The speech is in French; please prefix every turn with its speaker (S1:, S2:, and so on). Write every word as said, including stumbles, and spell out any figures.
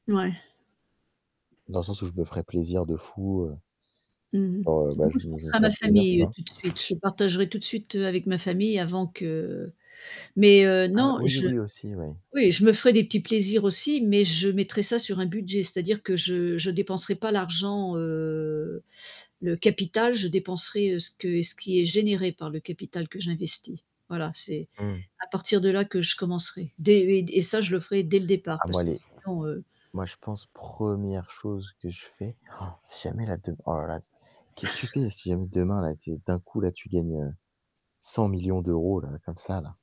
S1: Ouais.
S2: Dans le sens où je me ferais plaisir de fou, heu
S1: Mmh mh.
S2: genre, heu bah
S1: Bah moi
S2: je
S1: je
S2: me je me
S1: penserais à ma
S2: ferais plaisir, tu
S1: famille, heu,
S2: vois?
S1: tout de suite, je partagerais tout de suite, heu, avec ma famille avant que mais heu,
S2: Ah, ouais
S1: non
S2: oui,
S1: je
S2: oui, aussi, oui.
S1: oui je me ferais des petits plaisirs aussi, mais je mettrais ça sur un budget, c'est-à-dire que je je dépenserais pas l'argent, heu, le capital je dépenserais, heu, ce que ce qui est généré par le capital que j'investis. Voilà, c'est
S2: Mmh mh.
S1: à partir de là que je commencerais. Dès et ça je le ferais dès le départ
S2: Ah moi
S1: parce que
S2: les
S1: sinon, heu
S2: moi je pense première chose que je fais si jamais là dem oh là là c qu'est-ce que tu fais si jamais demain là t'es d'un coup là tu gagnes, heu, cent millions d'euros là comme ça là?